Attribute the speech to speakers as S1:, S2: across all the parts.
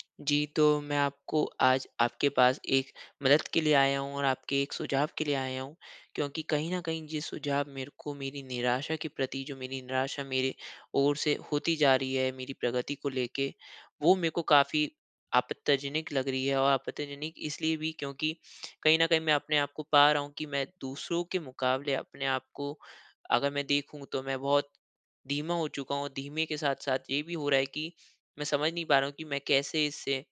S1: जी, तो मैं आपको आज आपके पास एक मदद के लिए आया हूँ और आपके एक सुझाव के लिए आया हूँ, क्योंकि कहीं न कहीं ये सुझाव मेरे को मेरी निराशा के प्रति, जो मेरी निराशा मेरे ओर से होती जा रही है मेरी प्रगति को लेके, वो मेरे को काफ़ी आपत्तिजनक लग रही है। और आपत्तिजनक इसलिए भी क्योंकि कहीं न कहीं मैं अपने आप को पा रहा हूँ कि मैं दूसरों के मुकाबले अपने आप को अगर मैं देखूँ, तो मैं बहुत धीमा हो चुका हूँ और धीमे के साथ-साथ ये भी हो रहा है कि मैं समझ नहीं पा रहा हूँ कि मैं कैसे इससे,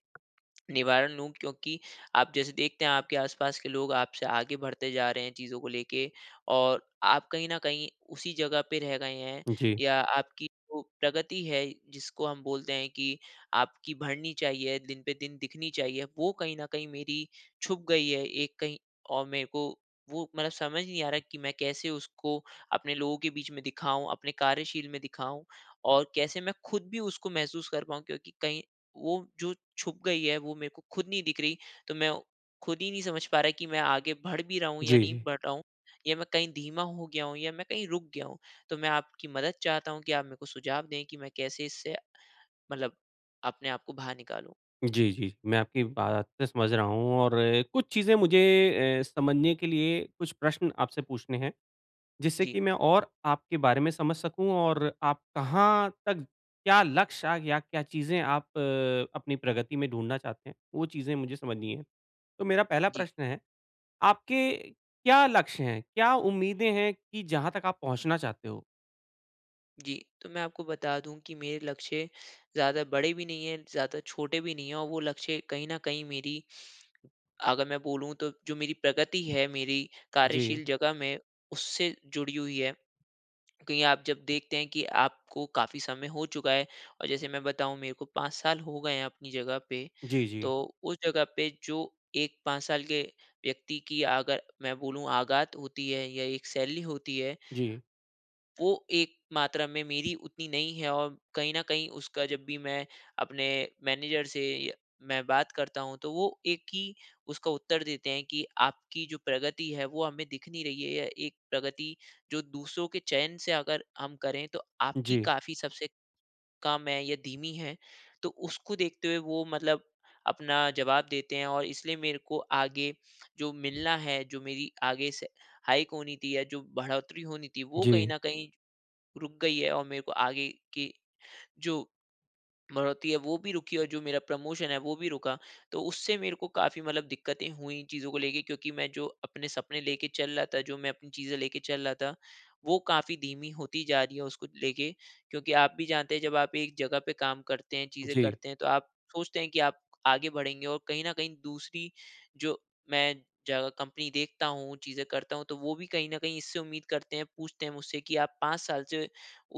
S1: निवारण लूँ क्योंकि आप जैसे देखते हैं आपके आस-पास के लोग आपसे आगे बढ़ते जा रहे हैं चीज़ों को लेके और आप कहीं न कहीं उसी जगह पे रह गए हैं
S2: जी।
S1: या आपकी जो प्रगति है, जिसको हम बोलते हैं कि आपकी बढ़नी चाहिए दिन पे दिन दिखनी चाहिए, वो कहीं न कहीं मेरी छुप गई है एक कहीं और मेरे को वो मतलब समझ नहीं आ रहा कि मैं कैसे उसको अपने लोगों के बीच में दिखाऊँ, अपने कार्यशील में दिखाऊँ, और कैसे मैं खुद भी उसको महसूस कर पाऊँ क्योंकि कहीं वो जो छुप गई है वो मेरे को खुद नहीं दिख रही। तो मैं औ खुद ही नहीं समझ पा रहा कि मैं आगे बढ़ भी रहा हूँ या
S2: जी,
S1: नहीं
S2: जी।
S1: बढ़ रहा हूँ, या मैं कहीं धीमा हो गया हूँ या मैं कहीं रुक गया हूँ। तो मैं आपकी मदद चाहता हूँ कि आप मेरे को सुझाव दें कि मैं कैसे इससे, मतलब अपने आप को बाहर निकालूँ?
S2: जी, जी। मैं आपकी बातें समझ रहा हूँ और कुछ चीज़ें मुझे ए समझने के लिए कुछ प्रश्न आपसे पूछने हैं, जिससे
S1: जी।
S2: कि मैं और आपके बारे में समझ सकूँ और आप कहाँ तज क्या लक्ष्य या क्या चीज़ें आप अपनी प्रगति में ढूँढना चाहते हैं, वो चीज़ें मुझे समझनी हैं। तो मेरा पहला
S1: जी।
S2: प्रश्न है, आपके क्या लक्ष्य हैं? क्या उम्मीदें हैं कि जहाँ तक आप पहुँचना चाहते हो?
S1: जी, तो मैं आपको बता दूँ कि मेरे लक्ष्य ज़्यादा बड़े भी नहीं हैं, ज़्यादा छोटे भी नहीं हैं और वो लक्ष्य कहीं न कहीं मेरी, अगर मैं बोलूँ, तो जो मेरी प्रगति है, मेरी
S2: जी।
S1: कार्यशील जगह में, उससे जुड़ी हुई है। कहीं आप जब देखते हैं कि आपको काफ़ी समय हो चुका है और जैसे मैं बताऊँ, मेरे को 5 साल हो गए हैं अपनी जगह पे,
S2: जी, जी।
S1: तो उस जगह पे जो एक 5 साल के व्यक्ति की, अगर मैं बोलूँ, आगात होती है या एक सैलरी होती है
S2: जी।
S1: वो एक मात्रा में मेरी उतनी नहीं है और कहीं न कहीं, उसका जब भी मैं अपने मैनेजर से य मैं बात करता हूँ, तो वो एक ही उसका उत्तर देते हैं कि, "आपकी जो प्रगति है, वो हमें दिख नहीं रही है या एक प्रगति, जो दूसरों के चयन से अगर हम करें, तो आपकी
S2: जी।
S1: काफ़ी सबसे कम है या धीमी है।" तो उसको देखते हुए, वो मतलब अपना जवाब देते हैं और इसलिए मेरे को आगे जो मिलना है, जो मेरी आगे से हाइक होनी थी या जो बढ़ोतरी होनी थी, वो कहीं
S2: जी।
S1: न कहीं रुक गई है और मेरे को आगे के जो बढ़ोतरी है, वो भी रुकी और जो मेरा प्रमोशन है, वो भी रुका। तो उससे मेरे को काफ़ी मतलब दिक्क़तें हुईं चीज़ों को लेके, क्योंकि मैं जो अपने सपने लेके चल रहा था, जो मैं अपनी चीज़ें लेके चल रहा था, वो काफ़ी धीमी होती जा रहीं हैं उसको लेके। क्योंकि आप भी जानते हैं, जब आप एक जगह पे काम करते हैं, चीज़ें
S2: जी।
S1: करते हैं, तो आप सोचते हैं कि आप आगे बढ़ेंगे और कहीं न कहीं दूसरी, जो मैं जगह कंपनी देखता हूँ, चीज़ें करता हूँ, तो वो भी कहीं न कहीं इससे उम्मीद करते हैं, पूछते हैं मुझसे कि, "आप 5 साल से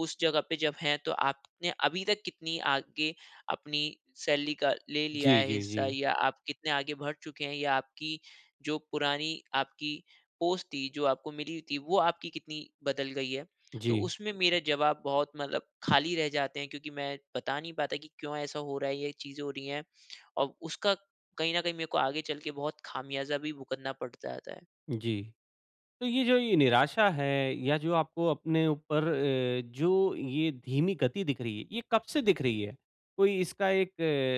S1: उस जगह पे जब हैं, तो आपने अभी तक कितनी आगे अपनी सैलरी का ले लिया
S2: जी,
S1: है
S2: जी,
S1: हिस्सा
S2: जी।
S1: या आप कितने आगे बढ़ चुके हैं या आपकी जो पुरानी आपकी पोस्ट थी, जो आपको मिली हुई थी, वो आपकी कितनी बदल गई है?" तो
S2: जी।
S1: उसमें मेरा जवाब बहुत मतलब खाली रह जाते हैं क्योंकि मैं बता नहीं पाता कि क्यों ऐसा हो रहा है, ये चीज़ें हो रही हैं और उसका कहीं न कहीं मेरे को आगे चल के बहुत खामियाज़ा भी भुगतना पड़ता जाता है।
S2: जी। तो ये जो ये निराशा है या जो आपको अपने ऊपर अ, जो ये धीमी गति दिख रही है, ये कब से दिख रही है? कोई इसका एक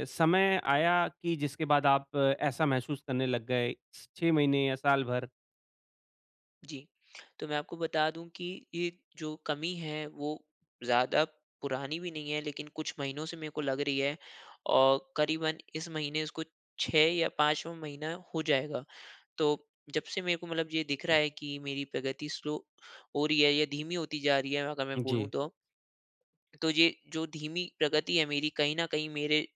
S2: समय आया कि जिसके बाद आप ऐसा महसूस करने लग गए, स 6 महीने या साल भर।
S1: जी। तो मैं आपको बता दूँ कि ये जो कमी है वो ज़्यादा पुरानी भी नहीं है लेकिन कुछ महीनों से मेरे को लग रही है। और करीबन इस महीने उसको 6 या 5वा महीना हो जाएगा। तो जब से मेरे को मतलब ये दिख रहा है कि मेरी प्रगति स्लो हो रही है या धीमी होती जा रही है अगर मैं बोलूँ
S2: जी।
S1: तो तो ये जो धीमी प्रगति है मेरी कहीं न कहीं मेरे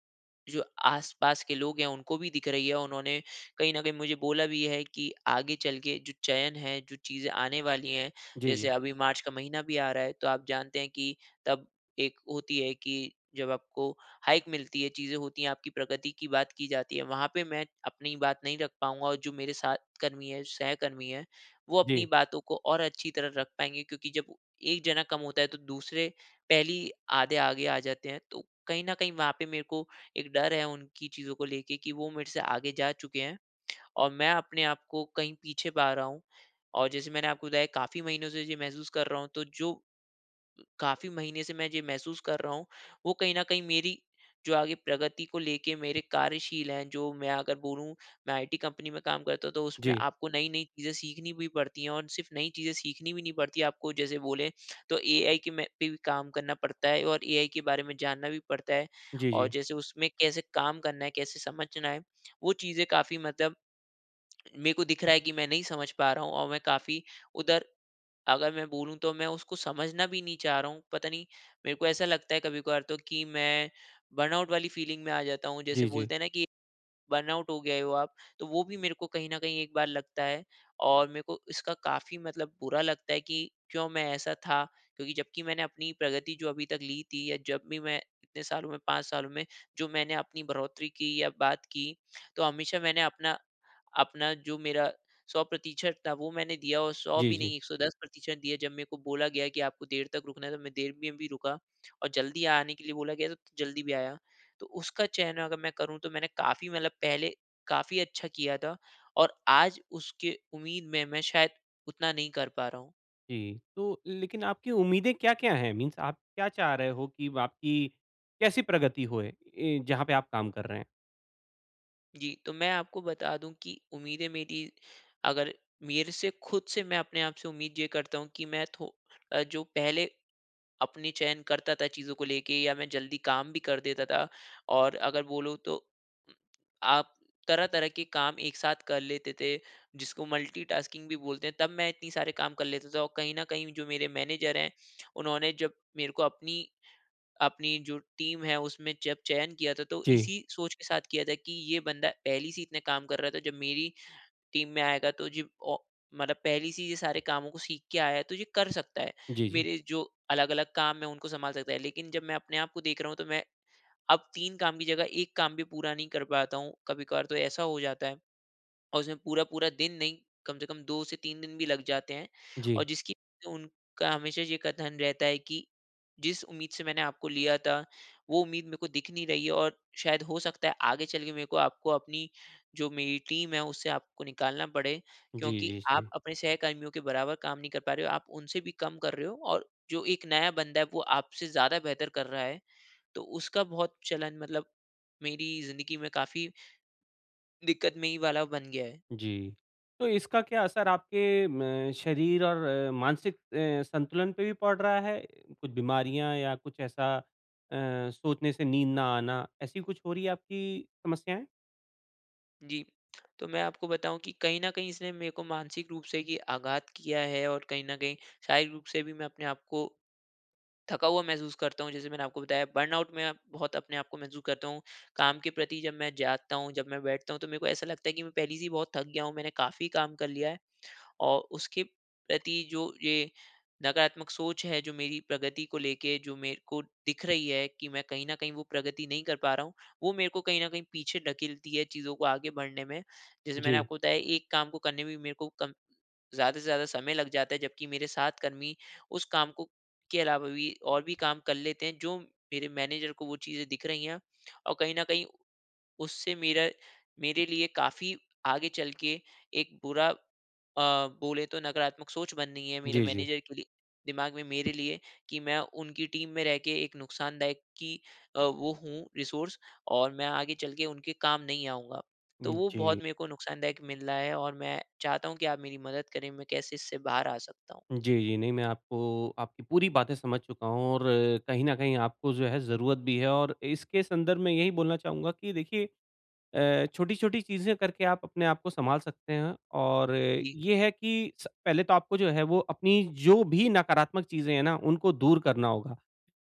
S1: जो आस-पास के लोग हैं उनको भी दिख रही है। उन्होंने कहीं न कहीं मुझे बोला भी है कि आगे चल के जो चयन है जो चीज़े आने वाली हैं,
S2: जी,
S1: जैसे
S2: जी।
S1: अभी मार्च का महीना भी आ रहा है तो आप जानते है कि तब एक होती है कि जब आपको हाइक मिलती है, चीज़े होती है, आपकी प्रगति की बात की जाती है। वहाँ पे मैं अपनी बात नहीं रख पाऊँगा। और जो मेरे साथ कर्मी है, जो सहकर्मी है वो अपनी
S2: जी।
S1: बातों को और अच्छी तरह रख पाएँगे। क्योंकि जब 1 जना कम होता है तो दूसरे पहली आधे आगे आ जाते हैं। तो कहीं न कहीं वहाँ पे मेरे को एक डर है उनकी चीज़ो को लेके कि वो मेरे से आगे जा चुके है। और मैं अपने आप को कहीं पीछे पा रहा हूँ। और जैसे मैंने आपको बताया काफ़ी महीनों से ये महसूस कर रहा हूँ तो जो काफ़ी महीने से मैं जो महसूस कर रहा हूँ वो कहीं न कहीं मेरी जो आगे प्रगति को लेके मेरे कार्यशील हैं जो मैं अगर बोलूँ मैं आईटी कंपनी में काम करता हूँ तो उसमें
S2: जी।
S1: आपको नई-नई चीज़ें सीखनी भी पड़ती है। और सिर्फ़ नई चीज़ें सीखनी भी नहीं पड़ती है आपको जैसे बोले तो एआई के में पे भी काम करना पड़ता है। और एआई के बारे में जानना भी पड़ता है।
S2: जी,
S1: और
S2: जी।
S1: जैसे उसमें कैसे काम करना है, कैसे समझना है, वो चीज़ें काफ़ी मतलब मेरे को दिख रहा है कि मैं नहीं समझ पा रहा हूँ। और मैं काफ़ी उधर अगर मैं बोलू तो मैं उसको समझना भी नहीं चाह रहा हूँ। पता नहीं मेरे को ऐसा लगता है कभी-कभार तो की मैं बर्नआउट वाली फीलिंग में आ जाता हूँ।
S2: जी,
S1: जैसे
S2: जी।
S1: बोलते है ना कि बर्नआउट हो गए हो आप। तो वो भी मेरे को कहीं न कहीं एक बार लगता है। और मेरे को इसका काफ़ी मतलब बुरा लगता है कि क्यों मैं ऐसा था? क्योंकि जब कि मैंने अपनी प्रगति जो अभी तक ली थी या जब भी मैं इतने सालों में 5 सालों में जो मैंने अपनी बढ़ोतरी की या बात की तो हमेशा मैंने अपना, अपना जो मेरा, 100% था वो मैंने दिया और 100
S2: जी,
S1: भी
S2: जी।
S1: नहीं 110% दिया जब मेरे को बोला गया है कि आपको देर तक रुकना है तो मैं देर में भी रुका और जल्दी आने के लिए बोला गया तो जल्दी भी आया। तो उसका चयन अगर मैं करूँ तो मैंने काफ़ी मतलब पहले काफ़ी अच्छा किया था। और आज उसके उम्मीद में मैं शायद उतना नहीं कर पा रहा हूँ।
S2: जी, तो लेकिन आपकी उम्मीदें क्या-क्या हैं? मीन्स आप क्या चाह रहे हो कि आपकी कैसी प्रगति होए? ए, जहाँ पे आप काम कर रहे हैं?
S1: जी, तो मैं आपको बता दूँ कि उम्मीदें मेरी अगर मेरे से खुद से मैं अपने आपसे उम्मीद ये करता हूँ, कि मैं थो जो पहले अपनी चयन करता था, चीज़ों को लेके या मैं जल्दी काम भी कर देता था, और अगर बोलो तो उम, आप तरह-तरह के काम एक साथ कर लेते थे, जिसको मल्टी टास्किंग भी बोलते हैं, तब मैं इतने सारे काम कर लेता था और कहीं न कहीं जो मेरे मैनेजर हैं, उन्होंने जब मेरे को अपनी अपनी जो टीम है, उसमें जब चयन किया था, तो
S2: जी।
S1: इसी सोच के साथ किया था, कि ये बंदा पहली से ही इतने काम कर रहा था, जब मेरी टीम में आएगा तो जे ओ मतलब पहली से ही ये सारे कामों को सीख के आया है, तो ये कर सकता है।
S2: जी, जी।
S1: मेरे जो अलग-अलग काम है, उनको सँभाल सकता है। लेकिन जब मैं अपने आप को देख रहा हूँ, तो मैं, अब 3 काम की जगह 1 काम भी पूरा नहीं कर पाता हूँ। कभी-कभार तो ऐसा हो जाता है, और उसमें पूरा-पूरा दिन नहीं कम से कम 2-3 दिन भी लग जाते हैं। और
S2: जी।
S1: जिसकी उनका हमेशा ये कथन रहता है कि, "जिस उम्मीद से मैंने आपको लिया था, वो उम्मीद मेरे को दिख नहीं रही है और शायद हो सकता है, आगे चलके मेरे को आपको, अपनी जो मेरी टीम है, उससे आपको निकालना पड़े,
S2: जी,
S1: क्योंकि
S2: जी,
S1: आप
S2: जी।
S1: अपने सहकर्मियों के बराबर काम नहीं कर पा रहे हो, आप उनसे भी कम कर रहे हो। और जो एक नया बंदा है, वो आपसे ज़्यादा बेहतर कर रहा है।" तो उसका बहुत चलन मतलब मेरी जिंदगी में काफ़ी दिक्कतमयी वाला बन गया है।
S2: जी। तो इसका क्या असर आपके म शरीर और अ, मानसिक अ, संतुलन पे भी पड़ रहा है? कुछ बीमारियाँ या कुछ ऐसा अ, सोचने से नींद ना आना, ऐसी कुछ हो रही है, आपकी समस्याएँ?
S1: जी। तो मैं आपको बताऊँ कि कहीं न कहीं इसने मेरे को मानसिक रूप से की आघात किया है और कहीं न कहीं शारीरिक रूप से भी मैं अपने आप को थका हुआ महसूस करता हूँ जैसे मैंने आपको बताया बर्नआउट में बहुत अपने आपको महसूस करता हूँ। काम के प्रति जब मैं जागता हूँ जब मैं बैठता हूँ, तो मेरे को ऐसा लगता है की मैं पहले से ही बहुत थक गया हूँ मैंने काफ़ी काम कर लिया है। और उसके प्रति जो ये नकारात्मक सोच हैं जो मेरी प्रगति को लेके जो मेरे को दिख रही हैं की मैं कहीं न कहीं वो प्रगति नहीं कर पा रहा हूँ। वो मेरे को कहीं न कहीं पीछे ढकेलती है चीज़ों को आगे बढ़ने में। जैसे मैंने
S2: जी।
S1: आपको बताया एक काम को करने में भी मेरे को कम ज़्यादा से ज़्यादा समय लग जाता है जब की मेरे साथ कर्मी उस काम को के अलावा भी और भी काम कर लेते हैं जो मेरे मैनेजर को वो चीजें दिख रही है। और कहीं न कहीं उससे मेरा मेरे लिए काफ़ी आगे चल के एक बुरा अ, बोले तो नकारात्मक सोच बननी है मेरे
S2: जी, जी।
S1: मैनेजर के लिए दिमाग में मेरे लिए कि मैं उनकी टीम में रह के एक नुकसानदायक कि अ, वो हूँ रिसोर्स और मैं आगे चल के उनके काम नहीं आऊँगा। तो वो
S2: जी।
S1: बहुत मेरे को नुकसानदायक मिल रहा है और मैं चाहता हूँ कि आप मेरी मदद करें मैं कैसे इससे बाहर आ सकता हूँ?
S2: जी, जी। नहीं मैं आपको आपकी पूरी बातें समझ चूका हूँ और कहीं न कहीं आपको जो है ज़रूरत भी है, और इसके संदर्भ में यही बोलना चाहूँगा कि देखिए अ, छोटी-छोटी चीज़ें करके आप अपने आप को सँभाल सकते हैं और
S1: जी।
S2: ये है कि स पहले तो आपको जो है वो अपनी जो भी नकारात्मक चीज़ें हैं ना, उनको दूर करना होगा।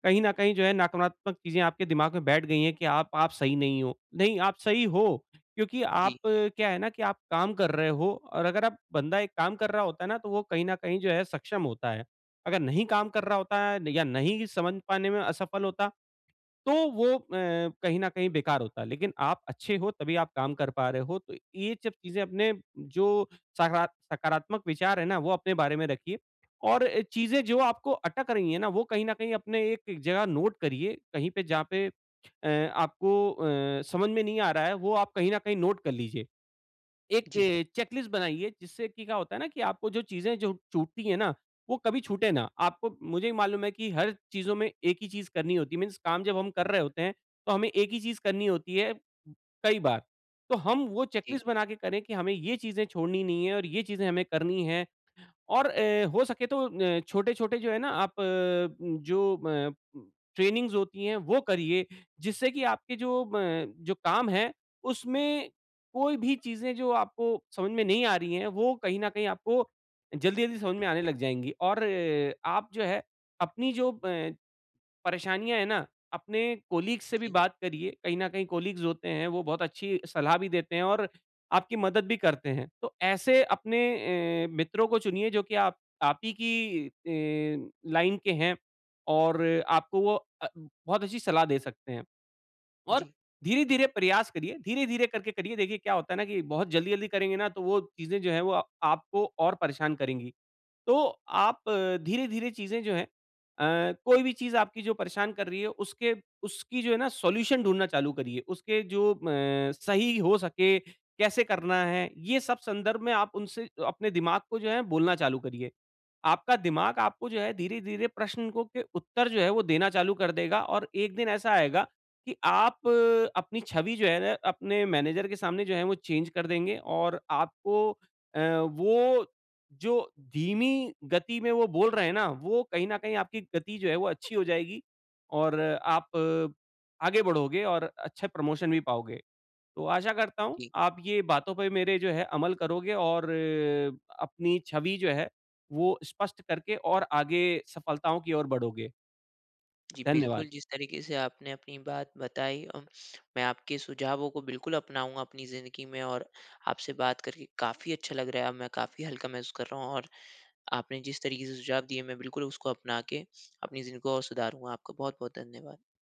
S2: कहीं न कहीं जो है नकारात्मक चीज़ें आपके दिमाग में बैठ गई हैं कि आप आप सही नहीं हो। नहीं आप सही हो, क्योंकि आप
S1: जी।
S2: क्या है ना कि आप काम कर रहे हो, और अगर आप बंदा एक काम कर रहा होता है ना, तो वो कहीं न कहीं जो है सक्षम होता है। अगर नहीं काम कर रहा होता है या नहीं समझ पाने में असफल होता तो वो अ, कहीं न कहीं बेकार होता। लेकिन आप अच्छे हो तभी आप काम कर पा रहे हो तो ये सब चीज़ें अपने जो सकारात सकारात्मक विचार हैं ना वो अपने बारे में रखिए। और अ, चीज़ें जो आपको अटक रही है ना, वो कहीं न कहीं अपने एक जगह नोट करिए, कहीं पे जहाँ पे अ, आपको अ, समझ में नहीं आ रहा है वो आप कहीं न कहीं नोट कर लीजिए। एक
S1: जी।
S2: चेकलिस्ट बनाइए जिससे की क्या होता है ना कि आपको जो चीज़ें जो छूटती है ना वो कभी छूटे ना। आपको मुझे भी मालूम है कि हर चीज़ों में एक ही चीज़ करनी होती है मीन्स काम जब हम कर रहे होते हैं तो हमें एक ही चीज़ करनी होती है, कई बार। तो हम वो चेक
S1: जी।
S2: लिस्ट बना के करें कि हमें ये चीज़ें छोड़नी नहीं है और ये चीज़ें हमें करनी है और अ, हो सके न तो अ, छोटे-छोटे जो है ना, आप अ, जो अ, ट्रेनिंगस होती हैं वो करिए जिससे की आपके जो अ, जो काम है उसमें कोई भी चीज़ें जो आपको समझ में नहीं आ रही है वो कहीं न कहीं आपको जल्दी-जल्दी समझ में आने लग जाएँगी। और आप जो है, अपनी जो अ, परेशानियाँ है ना अपने कलीग्स से भी
S1: जी।
S2: बात करिए कहीं न कहीं कलीग्स होते हैं वो बहुत अच्छी सलाह भी देते हैं और आपकी मदद भी करते हैं। तो ऐसे अपने अ, मित्रों को चुनिए जो की आप आप ही की अ, लाइन के हैं। और आपको वो अ, बहुत अच्छी सलाह दे सकते हैं। और
S1: जी।
S2: धीरे-धीरे प्रयास करिए, धीरे-धीरे करके करिए देखिए क्या होता है ना, कि बहुत जल्दी-जल्दी करेंगे ना तो वो चीज़ें जो हैं वो अ, आपको और परेशान करेंगी। तो आप धीरे-धीरे चीज़ें जो हैं अ, कोई भी चीज़ आपकी जो परेशान कर रही है उसके उसकी जो है ना सॉल्यूशन ढूँढ़ना चालू करिए। उसके जो अ, सही हो सके, कैसे करना है ये सब संदर्भ में आप उनसे अपने दिमाग को जो है बोलना चालू करिए। आपका दिमाग आपको जो है धीरे-धीरे प्रश्न को के उत्तर जो है वो देना चालू कर देगा और एक दिन ऐसा आएगा, कि आप अपनी छवि जो है ना अपने मैनेजर के सामने जो है वो चेंज कर देंगे और आपको अ, वो जो धीमी गति में वो बोल रहे हैं ना, वो कहीं न कहीं आपकी गति जो है वो अच्छी हो जाएगी। और आप, आगे बढ़ोगे और अच्छे प्रमोशन भी पाओगे। तो आशा करता हूँ
S1: जी।
S2: आप ये बातों पे मेरे जो है अमल करोगे और, अपनी छवि जो है वो स्पष्ट करके और आगे सफलताओं की ओर बढ़ोगे।
S1: जी बिल्कुल,
S2: धन्यवाद।
S1: जिस तरीके से आपने अपनी बात बताई अ, मैं आपके सुझावों को बिल्कुल अपनाऊँगा अपनी ज़िंदगी में और आपसे बात करके काफ़ी अच्छा लग रहा है अब मैं काफ़ी हल्का महसूस कर रहा हूँ और आपने जिस तरीके से सुझाव दिए मैं बिल्कुल उसको अपना के अपनी ज़िंदगी को और सुधारूँगा। आपको बहुत-बहुत धन्यवाद।